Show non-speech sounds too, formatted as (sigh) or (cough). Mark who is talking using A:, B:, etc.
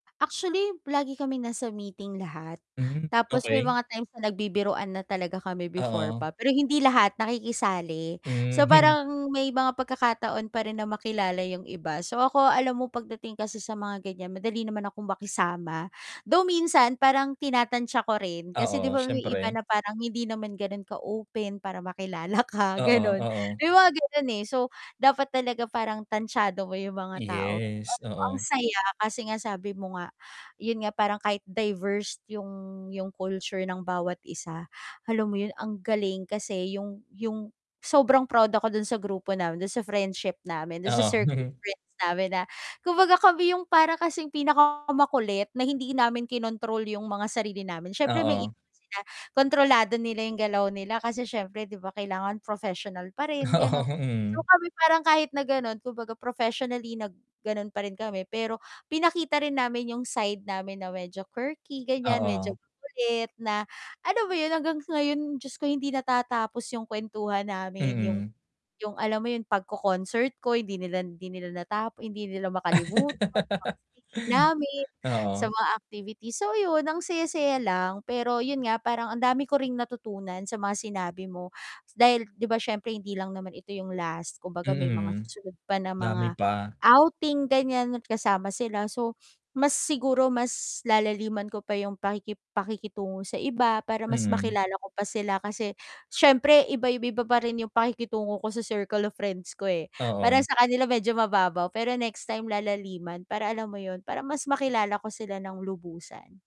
A: Actually, lagi kaming nasa meeting lahat.
B: Mm,
A: Tapos may
B: okey.
A: mga times na nagbibiruan na talaga kami before pa.
B: Oo.
A: Pero hindi lahat nakikisali. So
B: Mhm.
A: parang may mga pagkakataon pa rin na makilala 'yong iba. So ako alam mo, pagdating kasi sa mga ganiyan madali naman akong makisama. Though minsan parang tinatansya ko rin, kasi 'di
B: Oo,
A: ba may iba
B: siyempre.
A: na parang hindi naman gano'n ka-open para makilala ka,
B: Oo,
A: gano'n.
B: oo.
A: May mga gano'n, eh. So dapat talaga parang tantyado mo 'yong mga tao.
B: Yes,
A: Pero ang
B: oo.
A: saya, kasi nga sabi mo nga, 'yon nga, parang kahit diverse 'yong 'yong culture ng bawat isa, alam mo 'yon, ang galing kasi 'yong 'yong sobrang proud ako do'n sa grupo namin, do'n sa friendship namin, do'n sa
B: Oh.
A: circle of
B: (chuckles)
A: friends namin na kumbaga kami 'yong para kasing pinaka makulit na hindi namin kinontrol 'yong mga sarili namin. Siyempre may iba
B: Oo.
A: man sila kontrolado nila 'yong galaw nila kasi siyempre, 'di ba, kailangan professional pa rin, gano'n.
B: Oo,
A: So
B: mhm.
A: kami, parang kahit na gano'n, kumbaga professionally na gano'n pa rin kami pero pinakita rin namin 'yong side namin na medyo quirky, ganiyan. Medyo
B: Oo.
A: makulit, na alam mo 'yon hanggang ngayon, Diyos ko hindi natatapos 'yong kwentuhan namin. 'Yong
B: Mhm.
A: 'yong alam mo 'yong pagko-concert ko, hindi nila hindi nila nata hindi nila makalimutan. Mga
B: (laughs)
A: swimming namin, sa
B: Oo.
A: mga activity. So 'yon, ang saya-saya lang pero 'yon nga, parang ang dami ko ring natutunan sa mga sinabi mo, dahil 'di ba siyempre hindi lang naman ito 'yong last. Kumbaga may mga
B: Mm,
A: susunod pa ng mga
B: dami pa.
A: outing, ganiyan kasama sila. So mas siguro, mas lalaliman ko pa 'yong pakiki pakikitungo sa iba, para mas
B: Mm.
A: makilala ko pa sila kasi siyempre iba iba iba pa rin 'yong pakikitungo ko sa circle of friends ko, eh.
B: Oo.
A: Parang sa kanila medyo mababaw, pero next time lalaliman para alam mo 'yon, para mas makilala ko sila ng lubusan.